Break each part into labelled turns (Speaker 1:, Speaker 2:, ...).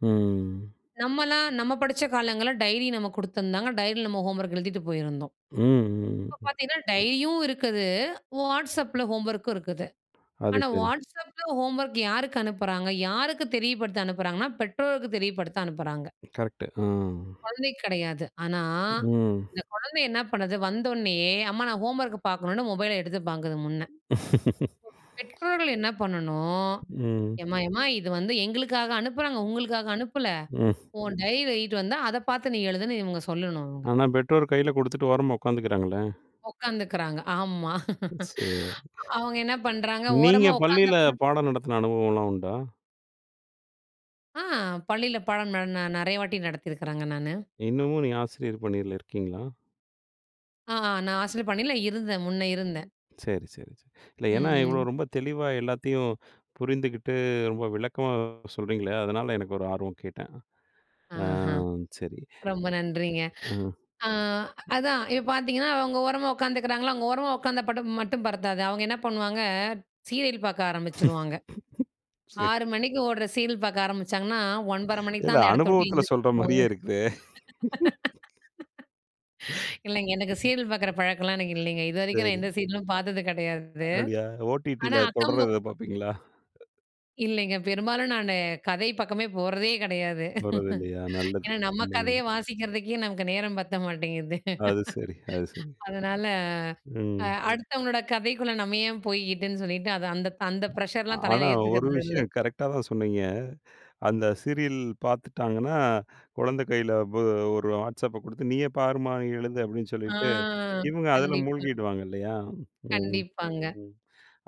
Speaker 1: ம்.
Speaker 2: நம்மல்லாம், நம்ம படிச்ச காலங்கள்ல டைரி நம்ம குடுத்துருந்தாங்க. டைரில நம்ம ஹோம்வொர்க் எழுதிட்டு போயிருந்தோம்.
Speaker 1: ம் ம்.
Speaker 2: இப்ப பாத்தீங்கன்னா, டைரியும் இருக்குது, Whatsappல ஹோம்வொர்க்கும் இருக்குது.
Speaker 1: அது
Speaker 2: ஆனா
Speaker 1: சரி.
Speaker 2: Whatsappல ஹோம்வொர்க் யாருக்கு அனுப்புறாங்க? யாருக்கு தெரியப்படுத்த அனுப்புறாங்கன்னா, பெற்றோருக்கு தெரியப்படுத்த அனுப்புறாங்க.
Speaker 1: கரெக்ட்டு ஆ.
Speaker 2: கொழந்தைக்கு கிடையாது. ஆனா,
Speaker 1: ம்.
Speaker 2: இந்த கொழந்தை என்னா பண்ணுது? வந்தவுனே, அம்மா நான் ஹோம்வொர்க்க பாக்கணுன்னு மொபைல எடுத்து பாக்குது முன்ன இப்போ பெற்றோர்கள் என்ன பண்ணணும்?
Speaker 1: ம்.
Speaker 2: எம்மா, எம்மா இது வந்து எங்களுக்காக அனுப்புறாங்க. உங்களுக்காக அனுப்பல.
Speaker 1: ம்
Speaker 2: உன் டைரில எழுதிட்டு வந்தா, அத பாத்து நீ எழுதுன்னு இவுங்க சொல்லணும் இவுங்க
Speaker 1: ஆனா பெற்றோர் கையில குடுத்துட்டு ஓரமா உக்காந்துக்கிறாங்களே!
Speaker 2: ஒக்காந்துக்குறாங்க. ஆமா.
Speaker 1: ம் சரி.
Speaker 2: அவுங்க என்ன பண்றாங்க?
Speaker 1: நீங்க
Speaker 2: ஓரமா
Speaker 1: பள்ளியில
Speaker 2: உக்காந்தப்பறம்
Speaker 1: பாடம் நடத்தின அனுபவம்லாம் உண்டா?
Speaker 2: ஆ! பள்ளியில பாடம் நா நான் நெறைய வாட்டி நடத்தியிருக்குறேங்க, நானு.
Speaker 1: இன்னமும் நீங்க ஆசிரியர் பணியில இருக்கீங்களா?
Speaker 2: ஆ ஆ நான் ஆசிரியர் பணியில இருந்தேன். முன்ன இருந்தேன்.
Speaker 1: சரி சரி சரி இல்ல ஏன்னா,
Speaker 2: ம்.
Speaker 1: இவ்ளோ
Speaker 2: ம்.
Speaker 1: ரொம்ப தெளிவா எல்லாத்தையும் புரிந்துகிட்டு ரொம்ப விளக்கமா சொல்றீங்களே! அதனால எனக்கு ஒரு ஆர்வம் கேட்டேன் அ
Speaker 2: ஆஹா.
Speaker 1: சரி,
Speaker 2: ரொம்ப நன்றிங்க.
Speaker 1: அ.
Speaker 2: அ அதான் இப்ப பாத்தீங்கன்னா அவுங்க ஓரமா உக்காந்துக்கிறாங்களா, அவுங்க ஓரமா உக்காந்தா படம் மட்டும் பத்தாது. அவங்க என்ன பண்ணுவாங்க, சீரியல் பாக்க ஆரம்பிச்சுருவாங்க.
Speaker 1: சரி.
Speaker 2: 6:00 மணிக்கு ஓடுற சீரியல் பாக்க ஆரம்பிச்சாங்கன்னா, 9:30 மணிக்கு
Speaker 1: இல்ல
Speaker 2: தான் அந்த இடத்தை விட்டு
Speaker 1: அனுபவத்தில
Speaker 2: எந்திரிச்சு
Speaker 1: சொல்ற
Speaker 2: போவாங்க.
Speaker 1: மாரியே இருக்குதே!
Speaker 2: இல்லைங்க. எனக்கு சீரியல் பாக்குற பழக்கம்லாம் எனக்கு இல்லைங்க. இதுவரைக்கும் நான்
Speaker 1: சரி.
Speaker 2: எந்த சீரியலும் பாத்தது கிடையாது.
Speaker 1: அப்படியா?
Speaker 2: ஆனா
Speaker 1: ஓடிடில தொடர்
Speaker 2: அக்கம்ப
Speaker 1: ஏதாவது பாப்பீங்களா?
Speaker 2: இல்லைங்க. பெரும்பாலும் நானு கதை பக்கமே போறதே கிடையாது.
Speaker 1: வரதில்லையா, நல்லது.
Speaker 2: ஏன்னா நம்ம
Speaker 1: ம்.
Speaker 2: கதையே வாசிக்கிறதுக்கே, நமக்கு நேரம் பத்த மாட்டேங்குது.
Speaker 1: அது சரி, அது சரி.
Speaker 2: அதனால அ,
Speaker 1: ம்.
Speaker 2: அடுத்தவங்களோட கதைக்குள்ள நம்ம ஏன் போய்க்கிட்டுன்னு சொல்லிட்டு, அது அந்த அந்த ப்ரஷர்லாம் தலையில
Speaker 1: ஆனா ஒரு
Speaker 2: ஏத்துக்கிறது இல்லை.
Speaker 1: விஷயம் கரெக்டா தான் சொன்னீங்க அந்த சீரியல் பாத்துட்டாங்கன்னா, குழந்தை கையில ப் ஒரு Whatsappப குடுத்து, "நீயே பாரும்மா, எழுது." அப்படின்னு
Speaker 2: ஆ
Speaker 1: சொல்லிட்டு, இவுங்க அதில
Speaker 2: கண்டிப்பா.
Speaker 1: மூழ்கிடுவாங்க இல்லையா? ம்
Speaker 2: கண்டிப்பாங்க
Speaker 1: ம்.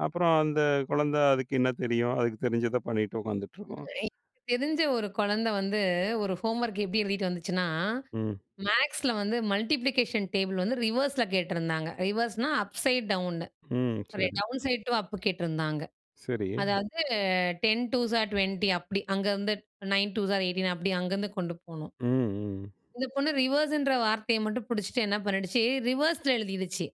Speaker 1: அப்புறம் அந்த குழந்த, அதுக்கு என்ன தெரியும்! அதுக்கு தெரிஞ்சத பண்ணிட்டு உக்காந்துட்ருக்கும்.
Speaker 2: எனக்கு தெரிஞ்ச ஒரு கொழந்த வந்து ஒரு ஹோம்வொர்க் எப்டி எழுதிட்டு வந்துச்சுன்னா,
Speaker 1: ம்.
Speaker 2: மேக்ஸ்ல வந்து மல்டிப்ளிகேஷன் டேபிள் வந்து ரிவர்ஸ்ல கேட்டிருந்தாங்க. ரிவர்ஸ்னா, அப்சைட் டவுன்னு,
Speaker 1: ம்
Speaker 2: சாரி
Speaker 1: சரி.
Speaker 2: டவுன் சைட் டூ அப்பு கேட்டிருந்தாங்க.
Speaker 1: சரி.
Speaker 2: அதாவது 10, 2ஸ் ஆர் 20 அப்புடி அங்கேருந்து 9, 2ஸ் ஆர் 18 அப்படி அங்கேருந்து கொண்டு போணும்.
Speaker 1: ம் ம்.
Speaker 2: இந்த பொண்ணு ரிவர்ஸ்ன்ற வார்த்தைய மட்டும் பிடிச்சுட்டு என்ன பண்ணிடுச்சு? ரிவர்ஸ்ல எழுதிருச்சு.